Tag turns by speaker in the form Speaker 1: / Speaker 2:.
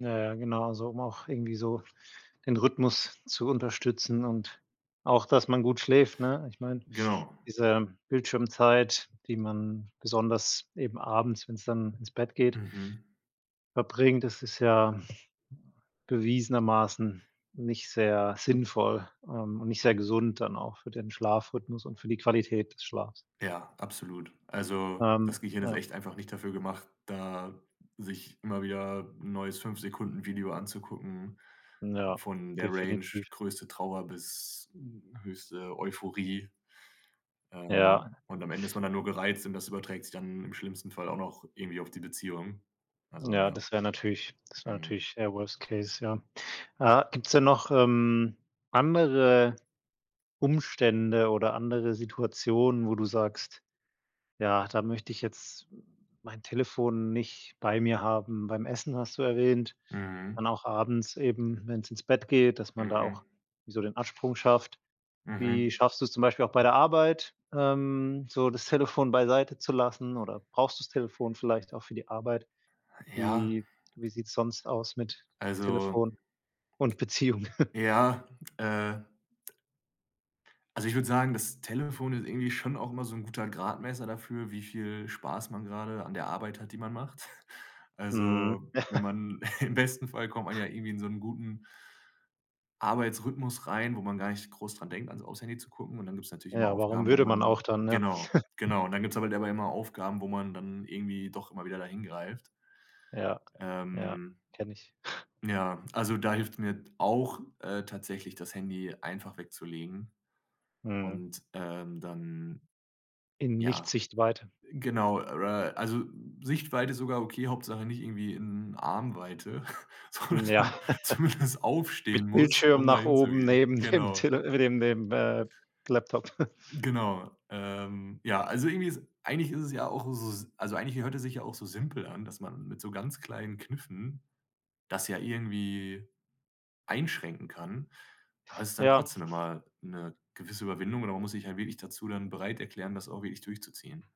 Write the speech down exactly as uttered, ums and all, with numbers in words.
Speaker 1: Ja, ja, genau, so, um auch irgendwie so den Rhythmus zu unterstützen und auch, dass man gut schläft, ne? Ich meine,
Speaker 2: Genau.
Speaker 1: diese Bildschirmzeit, die man besonders eben abends, wenn's dann ins Bett geht
Speaker 2: Mhm.
Speaker 1: verbringt, das ist ja bewiesenermaßen nicht sehr sinnvoll, ähm, und nicht sehr gesund dann auch für den Schlafrhythmus und für die Qualität des Schlafs.
Speaker 2: Ja, absolut, also,
Speaker 1: Ähm,
Speaker 2: das Gehirn ist
Speaker 1: ja.
Speaker 2: echt einfach nicht dafür gemacht, da sich immer wieder neues fünf Sekunden Video anzugucken,
Speaker 1: Ja,
Speaker 2: von der Range
Speaker 1: definitiv.
Speaker 2: größte Trauer bis, hm, höchste Euphorie. Ähm,
Speaker 1: Ja.
Speaker 2: und am Ende ist man dann nur gereizt und das überträgt sich dann im schlimmsten Fall auch noch irgendwie auf die Beziehung. Also,
Speaker 1: Ja,
Speaker 2: ja.
Speaker 1: das wäre natürlich das wäre
Speaker 2: Mhm.
Speaker 1: natürlich, eher Worst Case, ja. Äh, gibt's denn noch, ähm, andere Umstände oder andere Situationen, wo du sagst: „Ja, da möchte ich jetzt mein Telefon nicht bei mir haben.“ Beim Essen, hast du erwähnt,
Speaker 2: Mhm.
Speaker 1: dann auch abends eben, wenn's ins Bett geht, dass man da auch
Speaker 2: Mhm.
Speaker 1: so den Absprung schafft. Wie
Speaker 2: Mhm.
Speaker 1: schaffst du's zum Beispiel auch bei der Arbeit, ähm, so das Telefon beiseite zu lassen, oder brauchst du's Telefon vielleicht auch für die Arbeit?
Speaker 2: Ja.
Speaker 1: Wie wie sieht’s sonst aus mit
Speaker 2: Also,
Speaker 1: Telefon und Beziehung?
Speaker 2: ja, äh also ich würde sagen, das Telefon ist irgendwie schon auch immer so 'n guter Gradmesser dafür, wie viel Spaß man gerade an der Arbeit hat, die man macht.
Speaker 1: Mhm.
Speaker 2: Also, wenn man im besten Fall kommt man ja irgendwie in so 'n guten Arbeitsrhythmus rein, wo man gar nicht groß daran denkt an's auf's Handy zu gucken. Und dann gibt’s natürlich immer
Speaker 1: Ja, warum
Speaker 2: Aufgaben, wo
Speaker 1: würde man auch
Speaker 2: man
Speaker 1: dann, ja?
Speaker 2: genau, genau. Und dann gibt’s halt aber immer Aufgaben, wo man dann irgendwie doch immer wieder da hin greift.
Speaker 1: Ja, ja,
Speaker 2: Ähm,
Speaker 1: kenne ich.
Speaker 2: ja, also da hilft’s mir auch, äh, tatsächlich, das Handy einfach wegzulegen,
Speaker 1: Mhm.
Speaker 2: und, ähm, dann
Speaker 1: In
Speaker 2: ja,
Speaker 1: Nicht-Sichtweite.
Speaker 2: genau, äh also Sichtweite ist sogar okay, Hauptsache nicht irgendwie in Arm-Weite,
Speaker 1: Ja,
Speaker 2: sondern zumindest aufstehen
Speaker 1: mit
Speaker 2: muss,
Speaker 1: Bildschirm
Speaker 2: um da
Speaker 1: nach oben,
Speaker 2: hinzugehen.
Speaker 1: neben dem
Speaker 2: Genau.
Speaker 1: Tele äh, neben dem, äh, Laptop.
Speaker 2: Genau, ähm, ja, also irgendwie ist eigentlich ist es ja auch s also eigentlich hört es sich ja auch so simpel an, dass man mit so ganz kleinen Kniffen, das ja irgendwie einschränken kann, aber es ist dann
Speaker 1: Ja.
Speaker 2: trotzdem immer 'ne gewisse Überwindung oder man muss sich halt wirklich dazu dann bereit erklären, das auch wirklich durchzuziehen.